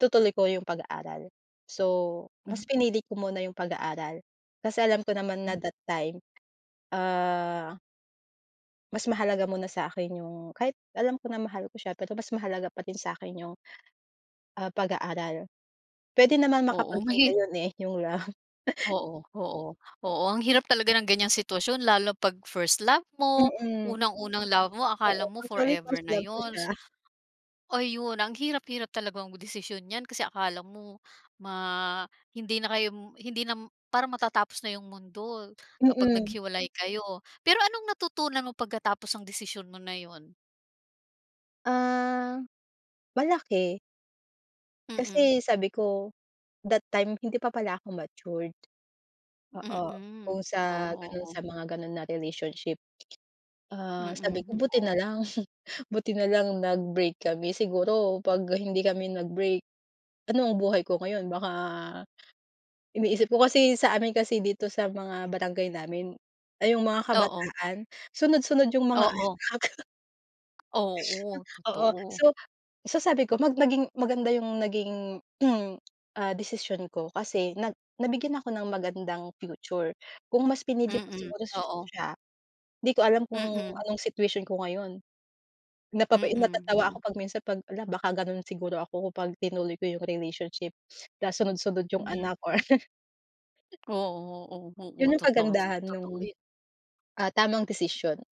Itutuloy ko yung pag-aaral. So, Hmm. mas pinili ko muna yung pag-aaral, kasi alam ko naman Hmm. na that time, ah mas mahalaga muna sa akin yung, kahit alam ko na, mahal ko siya, pero mas mahalaga pa din sa'kin yung, ah, pag-aaral. Puwede naman Oo, makapaghintay mahi 'yon, eh, yung love. Oo, oo, A oo, ang hirap talaga ng ganyang sitwasyon, lalo 'pag first love mo, Mm, unang-unang love mo, akala oo, mo actually, first forever na love ko siya. 'yons Ayun, ang hirap-hirap talagang desisyon niyan, kasi akala mo ma hindi na kayo, hindi na parang matatapos na yung mundo, kapag Mm. naghiwalay kayo. Pero anong natutunan mo pagkatapos ang desisyon mo na 'yon? Ah, malaki. Mm. Kasi sabi ko, that time, hindi pa pala ako matured. Oo, Mm, kung sa oo, gano'n, oh. sa mga gano'n na relationship, ah, Mm, sabi ko, hmm, buti oh. na lang, buti na lang nag-break kami siguro, 'pag hindi kami nag-break, ano ang buhay ko ngayon? Baka iniisip ko kasi, sa amin kasi dito sa mga barangay namin, ay yung mga Oo. kabataan, sunod-sunod yung mga Oo. anak. Hmm, Oo, oo. totoo. So so, sabi ko, mag naging maganda yung naging, ah, desisyon ko, kasi na nabigyan ako ng magandang future. Kung mas pinili ko Mm, siguro oo. siya, hindi ko alam kung Mm. anong situation ko ngayon. Napapai Mm, natatawa oh. ako 'pag minsan, 'pag, "Hala, baka gano'n siguro ako, 'pag tinuloy ko yung relationship na, sunod-sunod yung anak Mhm. or" Oo, oo, 'Yon oo. yung Totoo, kagandahan totoo no'ng, 'yon. ah, tamang desisyon.